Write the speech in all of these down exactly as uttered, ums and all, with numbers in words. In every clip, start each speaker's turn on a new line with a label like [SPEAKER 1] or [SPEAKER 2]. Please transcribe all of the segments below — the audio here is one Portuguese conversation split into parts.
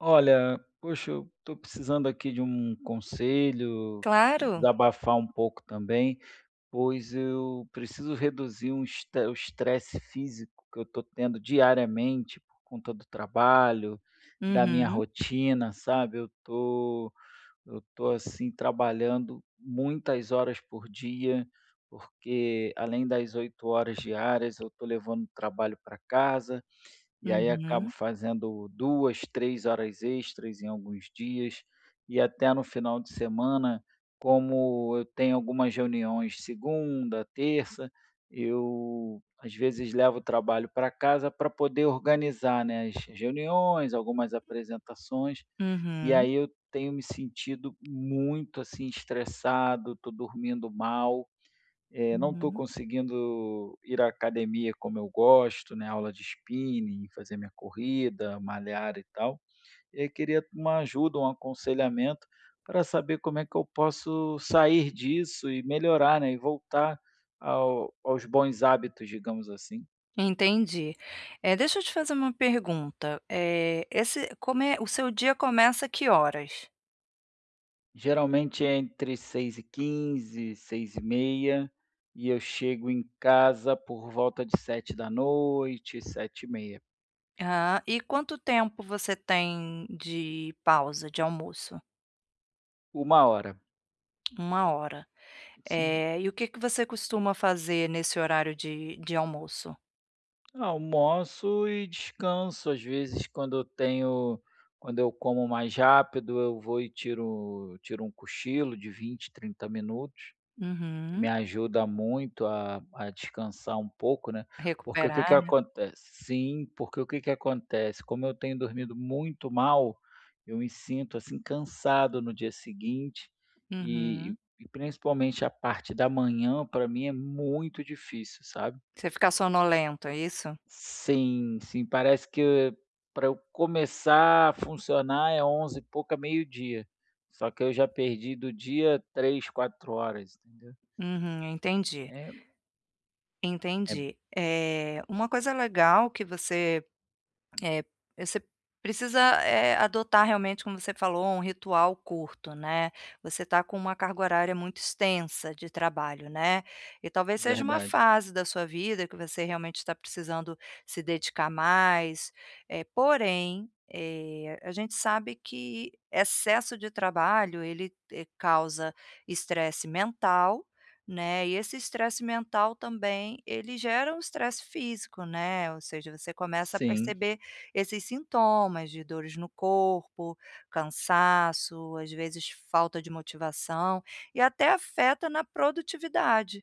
[SPEAKER 1] Olha, poxa, eu estou precisando aqui de um conselho e
[SPEAKER 2] Claro.
[SPEAKER 1] desabafar um pouco também, pois eu preciso reduzir um estre o estresse físico que eu estou tendo diariamente por conta do trabalho, da minha
[SPEAKER 2] Uhum.
[SPEAKER 1] rotina, sabe. Eu estou eu estou, assim, trabalhando muitas horas por dia, porque além das oito horas diárias eu estou levando trabalho para casa, e aí acabo
[SPEAKER 2] Uhum.
[SPEAKER 1] fazendo duas, três horas extras em alguns dias, e até no final de semana, como eu tenho algumas reuniões segunda, terça, eu, às vezes, levo o trabalho para casa para poder organizar, né, as reuniões, algumas apresentações, e
[SPEAKER 2] Uhum.
[SPEAKER 1] aí eu tenho me sentido muito, assim, estressado, estou dormindo mal, eh, não estou
[SPEAKER 2] Uhum.
[SPEAKER 1] conseguindo ir à academia como eu gosto, né, aula de spinning, fazer minha corrida, malhar e tal. E aí queria uma ajuda, um aconselhamento, para saber como é que eu posso sair disso e melhorar, né, e voltar ao aos bons hábitos, digamos, assim.
[SPEAKER 2] Entendi. Eh, deixa eu te fazer uma pergunta, eh, esse come o seu dia começa que horas?
[SPEAKER 1] Geralmente é entre seis e quinze, seis e meia e eu chego em casa por volta de sete da noite, sete e meia.
[SPEAKER 2] Ah, e quanto tempo você tem de pausa de almoço?
[SPEAKER 1] uma hora.
[SPEAKER 2] uma hora,
[SPEAKER 1] Sim.
[SPEAKER 2] eh, e o que que você costuma fazer nesse horário de de almoço?
[SPEAKER 1] Almoço e descanso, às vezes quando eu tenho quando eu como mais rápido, eu vou e tiro tiro um cochilo de vinte, trinta minutos que me
[SPEAKER 2] Uhum.
[SPEAKER 1] ajuda muito a a descansar um pouco, né, porque o que que
[SPEAKER 2] Recuperar, né.
[SPEAKER 1] acontece sim. Porque o que que acontece? Como eu tenho dormido muito mal, eu me sinto, assim, cansado no dia seguinte e
[SPEAKER 2] Uhum.
[SPEAKER 1] e principalmente a parte da manhã, pra mim é muito difícil, sabe.
[SPEAKER 2] Você fica sonolento, é isso?
[SPEAKER 1] Sim, sim, parece que e e pra eu começar a funcionar é onze e pouca, meio-dia, só que eu já perdi do dia três, quatro horas, entendeu.
[SPEAKER 2] Uhum, eu entendi.
[SPEAKER 1] É. É b
[SPEAKER 2] Entendi, eh, uma coisa legal que você, eh, você precisa, eh, adotar, realmente, como você falou, um ritual curto, né, você está com uma carga horária muito extensa de trabalho, né, e talvez seja uma
[SPEAKER 1] Verdade.
[SPEAKER 2] fase da sua vida que você, realmente, está precisando se dedicar mais, eh, porém, eh, a gente sabe que excesso de trabalho, ele causa estresse mental, né, e esse estresse mental também ele gera o estresse físico, né, ou seja, você começa a
[SPEAKER 1] Sim.
[SPEAKER 2] perceber esses sintomas de dores no corpo, cansaço, às vezes, falta de motivação e até afeta na produtividade,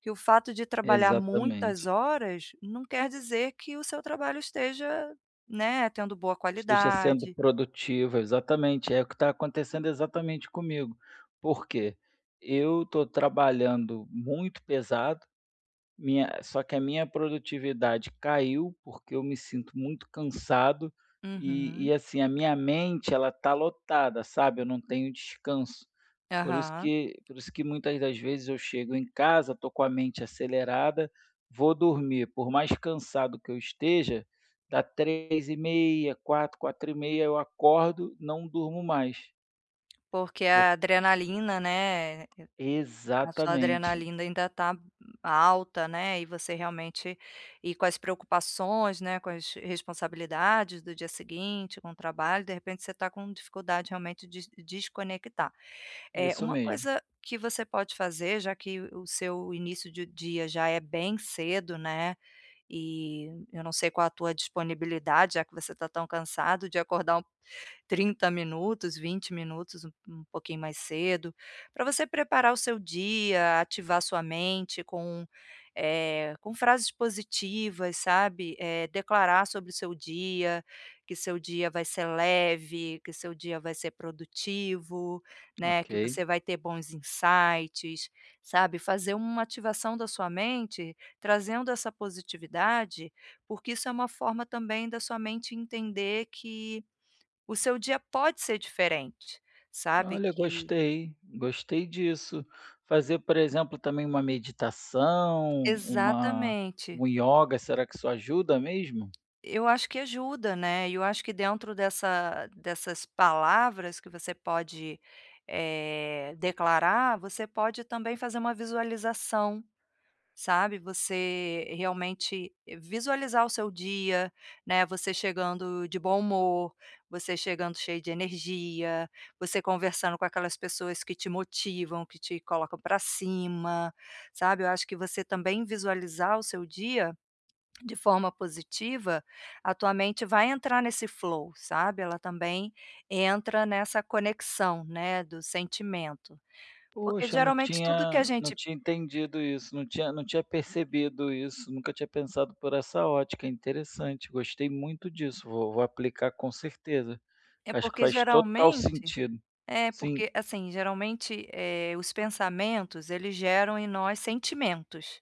[SPEAKER 2] que o fato de trabalhar muitas
[SPEAKER 1] Exatamente.
[SPEAKER 2] horas não quer dizer que o seu trabalho esteja, né, tendo boa
[SPEAKER 1] Esteja sendo
[SPEAKER 2] qualidade.
[SPEAKER 1] produtiva, exatamente, é o que está acontecendo exatamente comigo, porque eu tô trabalhando muito pesado, minha só que a minha produtividade caiu, porque eu me sinto muito cansado e
[SPEAKER 2] Uhum.
[SPEAKER 1] e assim, a minha mente, ela está lotada, sabe, eu não tenho descanso, por isso
[SPEAKER 2] Aham.
[SPEAKER 1] que por isso que muitas das vezes eu chego em casa, tô com a mente acelerada, vou dormir, por mais cansado que eu esteja, dá três e meia, quatro, quatro e meia eu acordo, não durmo mais.
[SPEAKER 2] Porque a
[SPEAKER 1] Por
[SPEAKER 2] adrenalina, né, eh, a sua
[SPEAKER 1] Exatamente.
[SPEAKER 2] adrenalina ainda tá alta, né, e você realmente aí, com as preocupações, né, com as responsabilidades do dia seguinte, com o trabalho. De repente, você está com dificuldade realmente de de desconectar. É,
[SPEAKER 1] Isso
[SPEAKER 2] uma
[SPEAKER 1] mesmo.
[SPEAKER 2] coisa que você pode fazer, já que o seu início de dia já é bem cedo, né, e eu não sei qual a tua disponibilidade, já que você está tão cansado, de acordar trinta minutos, vinte minutos, um um pouquinho mais cedo, pra você preparar o seu dia, ativar sua mente com, eh, com frases positivas, sabe, eh, declarar sobre o seu dia, que seu dia vai ser leve, que seu dia vai ser produtivo, né, que
[SPEAKER 1] Ok.
[SPEAKER 2] você vai ter bons insights, sabe. Fazer uma ativação da sua mente, trazendo essa positividade, porque isso é uma forma também da sua mente entender que o seu dia pode ser diferente, sabe
[SPEAKER 1] Olha,
[SPEAKER 2] que
[SPEAKER 1] gostei, gostei disso. Fazer, por exemplo, também uma meditação, uma
[SPEAKER 2] Exatamente.
[SPEAKER 1] uma yoga, será que isso ajuda mesmo?
[SPEAKER 2] Eu acho que ajuda, né, e eu acho que dentro dessa dessas palavras que você pode, eh, declarar, você pode também fazer uma visualização, sabe. Você realmente visualizar o seu dia, né, você chegando de bom humor, você chegando cheio de energia, você conversando com aquelas pessoas que te motivam, que te colocam para cima, sabe, eu acho que você também visualizar o seu dia, de forma positiva, a tua mente vai entrar nesse flow, sabe. Ela também entra nessa conexão, né, do sentimento, porque
[SPEAKER 1] Poxa, não
[SPEAKER 2] geralmente tudo que a
[SPEAKER 1] tinha não
[SPEAKER 2] gente
[SPEAKER 1] tinha entendido isso, não tinha não tinha percebido isso. Nunca tinha pensado por essa ótica. É interessante, gostei muito disso, vou vou aplicar, com certeza,
[SPEAKER 2] É
[SPEAKER 1] porque acho que
[SPEAKER 2] porque
[SPEAKER 1] faz total
[SPEAKER 2] geralmente
[SPEAKER 1] sentido,
[SPEAKER 2] é
[SPEAKER 1] sim.
[SPEAKER 2] porque, assim, geralmente, eh, os pensamentos, eles geram em nós sentimentos.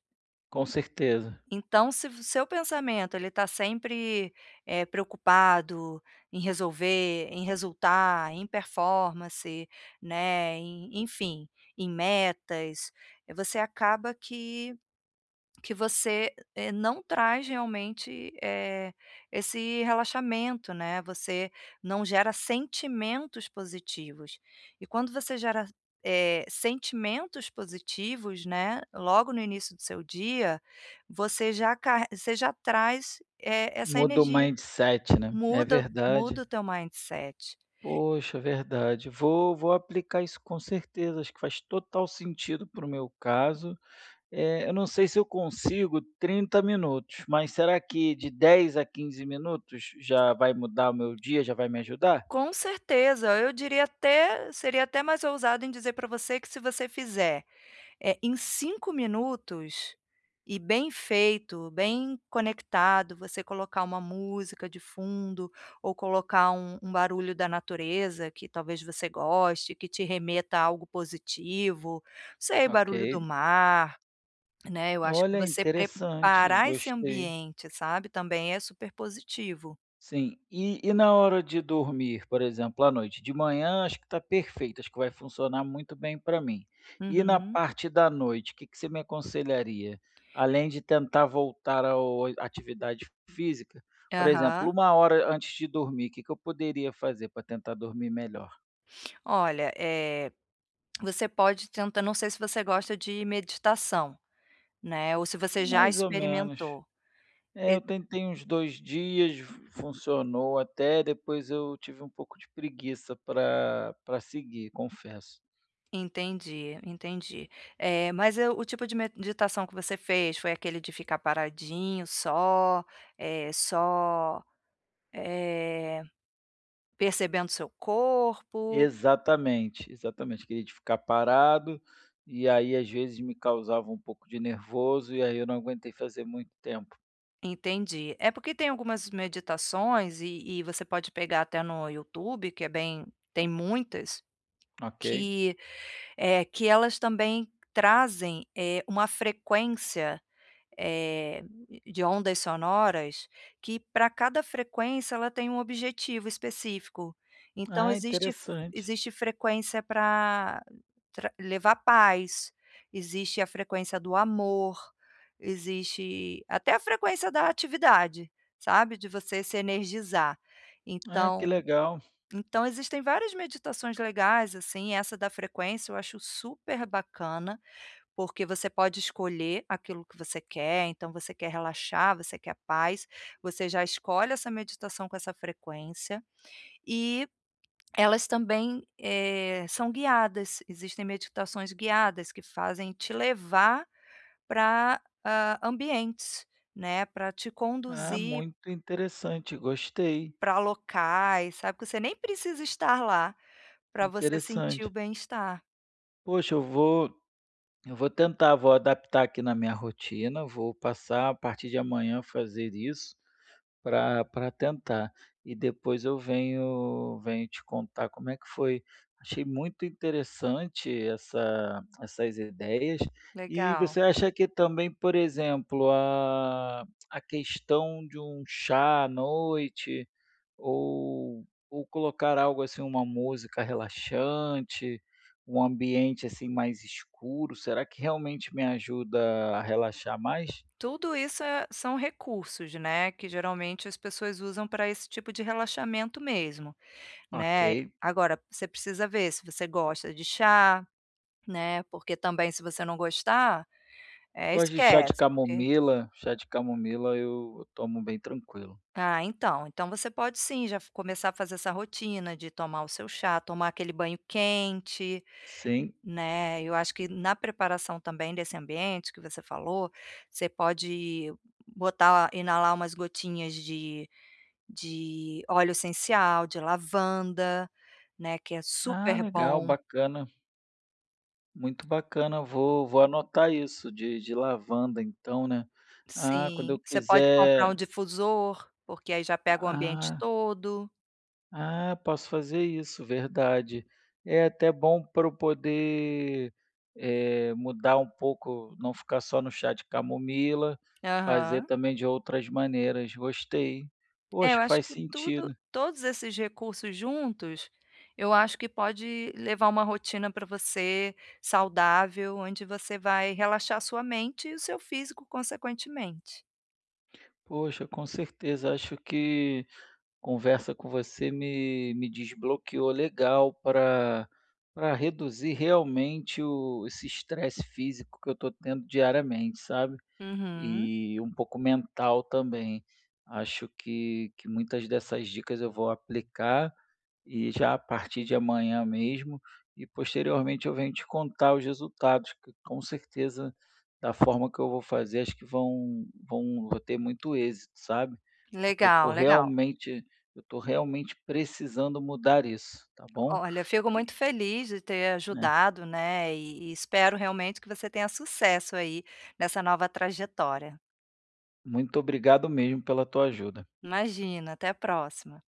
[SPEAKER 1] Com certeza.
[SPEAKER 2] Então se vo o seu pensamento ele tá sempre, eh, preocupado em resolver, em resultar, em performance, né, em enfim, em metas, você acaba que que você, eh, não traz realmente, eh, esse relaxamento, né, você não gera sentimentos positivos e quando você gera, eh, sentimentos positivos, né, logo no início do seu dia, você já car você já traz, eh, essa
[SPEAKER 1] Muda o
[SPEAKER 2] energia,
[SPEAKER 1] mindset, né, é
[SPEAKER 2] muda muda
[SPEAKER 1] verdade.
[SPEAKER 2] o teu mindset.
[SPEAKER 1] Poxa, verdade, vou vou aplicar isso, com certeza, acho que faz total sentido para o meu caso, eh, eu não sei se eu consigo trinta minutos, mas será que de dez a quinze minutos já vai mudar o meu dia, já vai me ajudar?
[SPEAKER 2] Com certeza, eu diria até seria até mais ousada em dizer pra você que se você fizer, eh, em cinco minutos e bem feito, bem conectado, você colocar uma música de fundo ou colocar um um barulho da natureza que, talvez, você goste, que te remeta a algo positivo, não sei, o barulho do
[SPEAKER 1] Ok.
[SPEAKER 2] mar, né, eu acho que
[SPEAKER 1] Olha,
[SPEAKER 2] você
[SPEAKER 1] interessante,
[SPEAKER 2] preparar esse
[SPEAKER 1] gostei.
[SPEAKER 2] ambiente, sabe, também é super positivo.
[SPEAKER 1] Sim. E e na hora de dormir, por exemplo, à noite? De manhã acho que tá perfeito, acho que vai funcionar muito bem pra mim e na
[SPEAKER 2] Uhum.
[SPEAKER 1] parte da noite, que que você me aconselharia? Além de tentar voltar ao oi atividade física. Por exemplo,
[SPEAKER 2] Aham.
[SPEAKER 1] uma hora antes de dormir, que que eu poderia fazer pra tentar dormir melhor?
[SPEAKER 2] Olha, eh, você pode tenta não sei se você gosta de meditação, né. Ou se você já
[SPEAKER 1] Mais ou menos.
[SPEAKER 2] experimentou,
[SPEAKER 1] É,
[SPEAKER 2] e
[SPEAKER 1] eu tentei uns dois dias, fun funcionou até, depois eu tive um pouco de preguiça para, para seguir, confesso.
[SPEAKER 2] Entendi, entendi, eh, mas eu, o tipo de meditação que você fez foi aquele de ficar paradinho só, eh, só, eh, percebendo seu corpo?
[SPEAKER 1] Exatamente, exatamente, aquele de ficar parado e aí, às vezes, me causava um pouco de nervoso, e aí eu não aguentei fazer muito tempo.
[SPEAKER 2] Entendi, é porque tem algumas meditações, e e você pode pegar até no YouTube, que é bem, tem muitas,
[SPEAKER 1] Ok.
[SPEAKER 2] que, eh, que elas também trazem, eh, uma frequência, eh de ondas sonoras, que, para cada frequência, ela tem um objetivo específico. Então,
[SPEAKER 1] Ah,
[SPEAKER 2] existe f
[SPEAKER 1] interessante.
[SPEAKER 2] existe frequência para tra levar paz, existe a frequência do amor, existe até a frequência da atividade, sabe, de você se energizar.
[SPEAKER 1] Ah, que
[SPEAKER 2] Então,
[SPEAKER 1] legal.
[SPEAKER 2] então, existem várias meditações legais assim. Essa da frequência eu acho super bacana, porque você pode escolher aquilo que você quer. Então, você quer relaxar, você quer paz, você já escolhe essa meditação com essa frequência. E elas também, eh, são guiadas, existem meditações guiadas que fazem te levar, ah, para ambientes, né. Para te
[SPEAKER 1] Ah,
[SPEAKER 2] conduzir
[SPEAKER 1] muito interessante, gostei.
[SPEAKER 2] para locais, sabe. Que você nem precisa estar lá para você sentir o
[SPEAKER 1] Interessante.
[SPEAKER 2] bem-estar.
[SPEAKER 1] Poxa, eu vou eu vou tentar, vou adaptar aqui na minha rotina, vou passar a partir de amanhã a fazer isso pra pra tentar. E depois eu venho venho te contar como é que foi. Achei muito interessante essa essas ideias. E
[SPEAKER 2] Legal.
[SPEAKER 1] você acha que também, por exemplo, a a questão de um chá à noite ou ou colocar algo, assim, uma música relaxante, um ambiente, assim, mais escuro, será que realmente me ajuda a relaxar mais?
[SPEAKER 2] Tudo isso é são recursos, né, que geralmente as pessoas usam pra esse tipo de relaxamento mesmo, né.
[SPEAKER 1] Ok.
[SPEAKER 2] Agora, você precisa ver se você gosta de chá, né, porque, também, se você não gostar, eh,
[SPEAKER 1] Gosto de chá de
[SPEAKER 2] esquece, porque
[SPEAKER 1] camomila, chá de camomila eu tomo bem tranquilo.
[SPEAKER 2] Ah, então, então você pode, sim, já f começar a fazer essa rotina de tomar o seu chá, tomar aquele banho quente,
[SPEAKER 1] Sim.
[SPEAKER 2] né. Eu acho que na preparação também desse ambiente que você falou, você pode botar inalar umas gotinhas de de óleo essencial de lavanda, né, que é
[SPEAKER 1] Ah,
[SPEAKER 2] super
[SPEAKER 1] legal,
[SPEAKER 2] bom.
[SPEAKER 1] bacana. Muito bacana, vou vou anotar isso de de lavanda então, né. Ah, quando
[SPEAKER 2] Sim,
[SPEAKER 1] eu
[SPEAKER 2] você pode comprar um
[SPEAKER 1] quiser
[SPEAKER 2] difusor, porque aí já pega o ambiente
[SPEAKER 1] Ah.
[SPEAKER 2] todo.
[SPEAKER 1] Ah, posso fazer isso, verdade. É até bom pra eu poder, eh, mudar um pouco, não ficar só no chá de camomila, fazer
[SPEAKER 2] Aham.
[SPEAKER 1] também de outras maneiras, gostei. Oh,
[SPEAKER 2] É,
[SPEAKER 1] acho
[SPEAKER 2] eu
[SPEAKER 1] que
[SPEAKER 2] acho
[SPEAKER 1] faz
[SPEAKER 2] que tudo
[SPEAKER 1] sentido.
[SPEAKER 2] todos esses recursos juntos, eu acho que pode levar uma rotina para você, saudável, onde você vai relaxar sua mente e o seu físico, consequentemente.
[SPEAKER 1] Poxa, com certeza, acho que conversa com você me me desbloqueou legal pra pra reduzir realmente o esse estresse físico que eu estou tendo diariamente, sabe,
[SPEAKER 2] Uhum.
[SPEAKER 1] e um pouco mental, também. Acho que que muitas dessas dicas, eu vou aplicar, e já a partir de amanhã mesmo, e posteriormente eu venho te contar os resultados, que com certeza, da forma que eu vou fazer, acho que vão vão vou ter muito êxito, sabe, porque eu tô
[SPEAKER 2] Legal, legal.
[SPEAKER 1] realmente eu tô realmente precisando mudar isso, tá bom.
[SPEAKER 2] Olha, fico muito
[SPEAKER 1] E
[SPEAKER 2] feliz de ter
[SPEAKER 1] né.
[SPEAKER 2] ajudado, né, e e espero, realmente, que você tenha sucesso aí, nessa nova trajetória.
[SPEAKER 1] Muito obrigado mesmo pela tua ajuda.
[SPEAKER 2] Imagina, até a próxima.